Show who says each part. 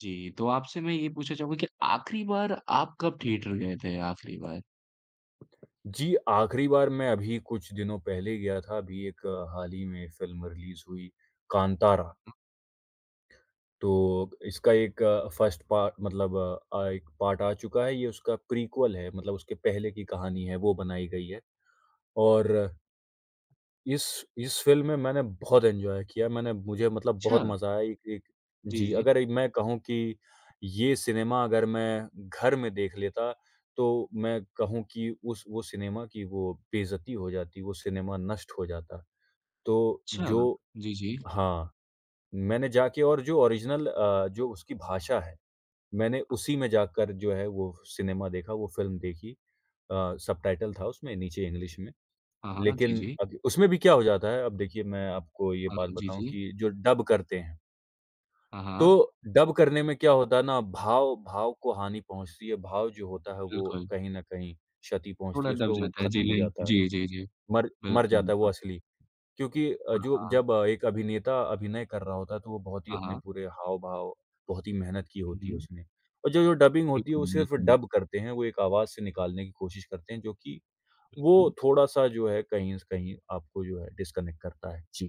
Speaker 1: जी, तो आपसे मैं ये पूछना चाहूँगा कि आख़िरी बार आप कब थिएटर गए थे आख़िरी बार?
Speaker 2: जी, आखिरी बार मैं अभी कुछ दिनों पहले गया था। अभी एक हाल ही में फिल्म रिलीज़ हुई कांतारा।
Speaker 1: हुँ।
Speaker 2: तो, अब इसका एक 1st पा मतलब अ, एक पार्ट आ चुका है। ये उसका प्रीक्वल है। मतलब उसके पहले की कहानी है वो बनाई गई है। और इस इस फिल्म में मैंने बहुत एन्जॉय किया मैंने मुझे मतलब बहुत
Speaker 1: छा
Speaker 2: मज़ा आया एक एक
Speaker 1: जी,
Speaker 2: जी
Speaker 1: जी।
Speaker 2: अगर मैं कहूँ कि ये सिनेमा अगर मैं, घर में देख लेता, तो मैं कहूँ कि उस वो सिनेमा की वो बेइज़्ज़ती हो जाती वो सिनेमा नष्ट हो जाता, तो
Speaker 1: छा
Speaker 2: जो
Speaker 1: जी, जी।
Speaker 2: हाँ, मैंने जाके और जो ओरिजिनल अ, जो उसकी भाषा है, मैंने उसी में जाकर जो है वो सिनेमा देखा, वो फिल्म देखी। अ, सबटाइटल था उसमें नीचे इंग्लिश में,
Speaker 1: हाँ, हाँ। जी,
Speaker 2: लेकिन
Speaker 1: जी।
Speaker 2: अब उसमें भी क्या हो जाता है अब देखिए मैं आपको ये
Speaker 1: हाँ,
Speaker 2: बात
Speaker 1: म जी,
Speaker 2: बताऊँ
Speaker 1: जी।
Speaker 2: कि जो डब करते हैं।
Speaker 1: हाँ,
Speaker 2: तो
Speaker 1: हाँ।
Speaker 2: डब करने में क्या होता है ना भाव भाव को हानि पहुँचती है। भाव जो होता है, वो
Speaker 1: बिल्कुल।
Speaker 2: कहीं न कहीं क्षति पहुँचती
Speaker 1: थोड़ा
Speaker 2: है
Speaker 1: दब
Speaker 2: उसको, वो
Speaker 1: जाता है। जी,
Speaker 2: खत्म हो जाता
Speaker 1: जी।
Speaker 2: है।
Speaker 1: जी, जी, जी।
Speaker 2: मर मर
Speaker 1: बिल्कुल,
Speaker 2: जाता है वो
Speaker 1: बिल्कुल।
Speaker 2: असली क्योंकि अ,
Speaker 1: हाँ,
Speaker 2: जो
Speaker 1: हाँ।
Speaker 2: जब एक अभिनेता अभिनय कर रहा होता है, तो वो बहुत ही
Speaker 1: हाँ,
Speaker 2: अपने
Speaker 1: हाँ।
Speaker 2: पूरे हाव-भाव बहुत ही मेहनत की
Speaker 1: हुँ,
Speaker 2: होती है
Speaker 1: हुँ।
Speaker 2: उसने और जो जो डबिंग होती है
Speaker 1: बिल्कुल,
Speaker 2: वो सिर्फ
Speaker 1: बिल्कुल।
Speaker 2: डब करते हैं, वो एक आवाज़ से निकालने की कोशिश करते हैं जो कि वो
Speaker 1: बिल्कुल।
Speaker 2: थोड़ा-सा जो है कहीं से कहीं आपको जो है डिस्कनेक्ट करता है। जी।